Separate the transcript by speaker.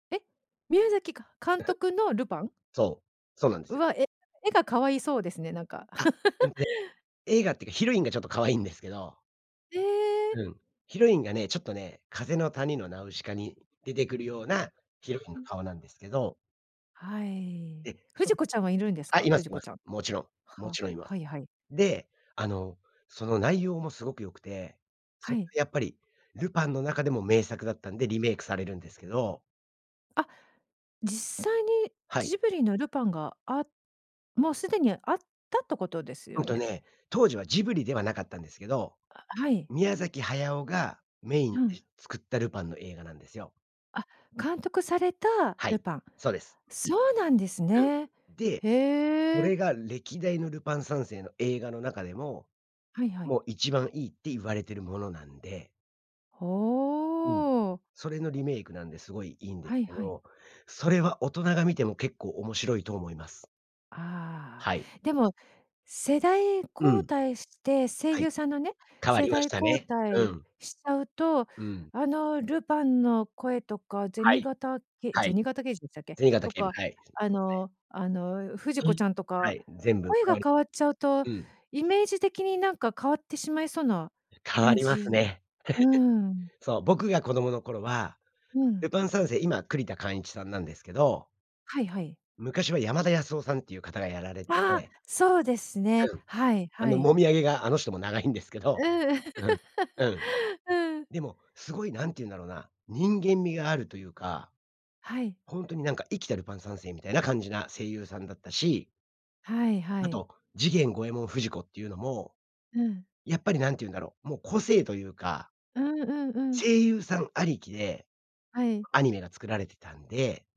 Speaker 1: え、宮崎か監督のルパン？
Speaker 2: そう、そうなんで
Speaker 1: う
Speaker 2: すよ。
Speaker 1: わ、絵絵が可愛いそうですね、なんか。
Speaker 2: あ、でもね、絵がっていうかヒロインがちょっと可愛いんですけど。
Speaker 1: ええ。
Speaker 2: うん。ヒロインがね、ちょっとね、風の谷のナウシカに出てくるようなヒ
Speaker 1: う
Speaker 2: ロイン
Speaker 1: う
Speaker 2: の
Speaker 1: ん。
Speaker 2: 顔なんですけど。
Speaker 1: はい。
Speaker 2: ええ、そ
Speaker 1: 不二子ちゃんはいるん
Speaker 2: う、
Speaker 1: です
Speaker 2: あ、
Speaker 1: か、
Speaker 2: いま
Speaker 1: 不
Speaker 2: す
Speaker 1: 二
Speaker 2: い
Speaker 1: 子
Speaker 2: ま
Speaker 1: ち
Speaker 2: す。
Speaker 1: ゃん。
Speaker 2: もちろん、も
Speaker 1: は
Speaker 2: ちろんいます。
Speaker 1: はいはい。
Speaker 2: で、あの、その内容もすごく良くて、
Speaker 1: は
Speaker 2: その
Speaker 1: い。
Speaker 2: やっぱりルパンの中でも名作だったんでリメイクされるんですけど。
Speaker 1: あ、実際に
Speaker 2: はい。
Speaker 1: ジブリのルパンがあもうすでにあったってことです
Speaker 2: うん
Speaker 1: よ
Speaker 2: と
Speaker 1: ね。
Speaker 2: ね、当時はジブリではなかったんですけど、
Speaker 1: あ、はい。
Speaker 2: 宮崎駿がメイン
Speaker 1: う
Speaker 2: で
Speaker 1: ん。
Speaker 2: 作ったルパンの映画なんですよ。
Speaker 1: あ、監督された
Speaker 2: は
Speaker 1: ル
Speaker 2: い、
Speaker 1: パン。
Speaker 2: そうです。
Speaker 1: そうなんです
Speaker 2: う
Speaker 1: ね。
Speaker 2: ん、で、そ
Speaker 1: へえ。
Speaker 2: れが歴代のルパン三世の映画の中でも、
Speaker 1: はいはい。
Speaker 2: もう一番いいって言われてるものなんでうん。
Speaker 1: ほう。
Speaker 2: それのリメイクなんですごいいいんです
Speaker 1: はい
Speaker 2: け
Speaker 1: はい。
Speaker 2: ど、それは大人が見ても結構面白いと思います。
Speaker 1: あ
Speaker 2: はい。
Speaker 1: あ、でも世代
Speaker 2: う
Speaker 1: 交
Speaker 2: ん。
Speaker 1: 代して声
Speaker 2: はい、
Speaker 1: 優さんのね、
Speaker 2: 変わ
Speaker 1: 世
Speaker 2: りまし
Speaker 1: 代
Speaker 2: た
Speaker 1: 交
Speaker 2: ね。う
Speaker 1: 代
Speaker 2: ん。
Speaker 1: しちゃうと、
Speaker 2: うん。
Speaker 1: あのルパンの声とか
Speaker 2: は
Speaker 1: 銭
Speaker 2: い。
Speaker 1: 形け
Speaker 2: はい。
Speaker 1: 銭形刑事でしたっけ、
Speaker 2: 銭形
Speaker 1: と
Speaker 2: 警部、
Speaker 1: か
Speaker 2: はい、そう
Speaker 1: あ
Speaker 2: ですね。
Speaker 1: のあの不二子ちゃん
Speaker 2: [unintelligible]
Speaker 1: と
Speaker 2: は
Speaker 1: か、
Speaker 2: い。全部
Speaker 1: 声
Speaker 2: 変
Speaker 1: が
Speaker 2: わり
Speaker 1: 変わっちゃうと
Speaker 2: うん。
Speaker 1: イメージ的になんか変わってしまいそうな
Speaker 2: 変わ
Speaker 1: 感
Speaker 2: ります
Speaker 1: じ。
Speaker 2: ね。
Speaker 1: うん。
Speaker 2: そう、僕が子供の頃は
Speaker 1: う
Speaker 2: ル
Speaker 1: ん。
Speaker 2: パン三世、今、栗田貫一さんなんですけど
Speaker 1: はいはい。
Speaker 2: 昔は山田康雄さんっていう方がやられて
Speaker 1: ああ、
Speaker 2: て
Speaker 1: そうですね。
Speaker 2: うん。
Speaker 1: はい
Speaker 2: あ
Speaker 1: は
Speaker 2: の、
Speaker 1: い。
Speaker 2: もみあげがあの人も長いんですけ
Speaker 1: う
Speaker 2: ど、
Speaker 1: ん。
Speaker 2: うん、うん。
Speaker 1: うん。
Speaker 2: でもすごい何て言うんだろうな、人間味があるというか。
Speaker 1: はい。
Speaker 2: ほんとになんか、生きたルパン三世みたいな感じな声優さんだったし
Speaker 1: はいは
Speaker 2: あ
Speaker 1: い。
Speaker 2: と、次元、五ェ門、不二子っていうのも、
Speaker 1: うん。
Speaker 2: やっぱり何て言うんだろう、もう個性というか
Speaker 1: うんうんうん。
Speaker 2: 声優さんありきで
Speaker 1: はい。
Speaker 2: アニメが作られてたんで